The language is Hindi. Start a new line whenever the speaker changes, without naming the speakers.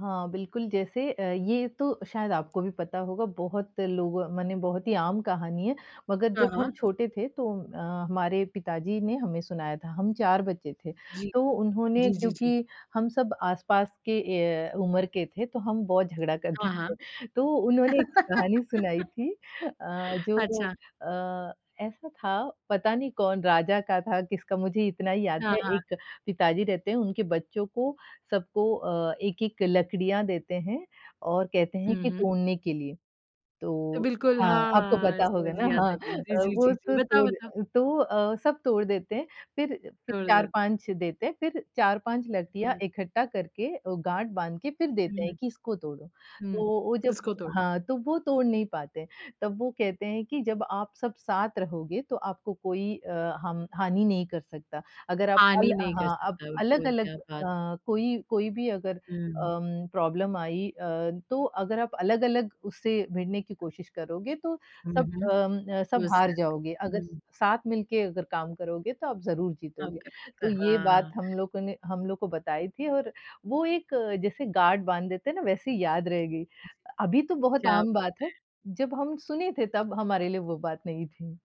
हाँ, बिल्कुल जैसे अ, ये तो शायद आपको भी पता होगा बहुत लोगो मने बहुत ही आम कहानी है, मगर
हाँ,
जब हम
हाँ।
छोटे थे तो अ, हमारे पिताजी ने हमें सुनाया था, हम 4 बच्चे थे।
जी।
तो उन्होंने
जी, जी, जी।
क्योंकि हम सब आसपास के ए, उम्र के थे तो हम बहुत झगड़ा करते
हाँ, हाँ।
थे। तो उन्होंने 1 कहानी सुनाई थी अ, जो
अच्छा।
अ, ऐसा था पता नहीं कौन राजा का था, किसका? मुझे इतना ही याद
हाँ,
है
हाँ।
1 पिताजी रहते हैं उनके बच्चों को सबको अ, 1-1 लकड़ियाँ देते हैं और कहते हैं
हुँ,
कि
हुँ।
तोड़ने के लिए। तो
बिल्कुल।
हाँ, आपको
हाँ,
पता होगा
समझ
ना?
गया
हाँ।
था कि जी,
अ,
जी,
वो
जी, जी।
तो तोड़
बताओ-बताओ।
अ, तो अ, सब तोड़ देते हैं फिर अ, फिर
छोड़ दे
4-5 देते हैं फिर 4-5 लकड़ियाँ
हुँ।
इकट्ठा करके अ, गाँठ बाँध के फिर देते हैं
हुँ।
कि इसको तोड़ो।
हुँ,
तो वो जब
उसको तोड़ो।
हाँ, तो वो तोड़ नहीं पाते हैं। तब वो कहते हैं कि जब आप सब साथ रहोगे तो आपको कोई अ, हम हानि नहीं कर सकता। अगर आप
हानि
अल
नहीं कर
हाँ, अप
सकता है, बिल्कुल,
अलग-अलग
क्या बात!
अ, कोई कोई भी अगर
हुँ।
अम प्रॉब्लम आई अ, तो अगर आप अलग-अलग उससे भिड़ने की कोशिश करोगे तो
हुँ,
सब
हुँ।
अम अ, सब हार
[unintelligible]
जाओगे, अगर
हुँ।
साथ मिलके अगर काम करोगे तो आप ज़रूर
काम
जीतोगे।
करोगे तो
तो ये बात
हाँ।
हम लोगों ने हम लोग को बताई थी और वो एक जैसे गाँठ बाँध देते हैं ना? वैसे ही याद रह गई।
जी।
अ, अभी तो बहुत
क्या
आम
बात
बात है,
है!
जब हम सुने थे तब हमारे लिए वो बात नई थी।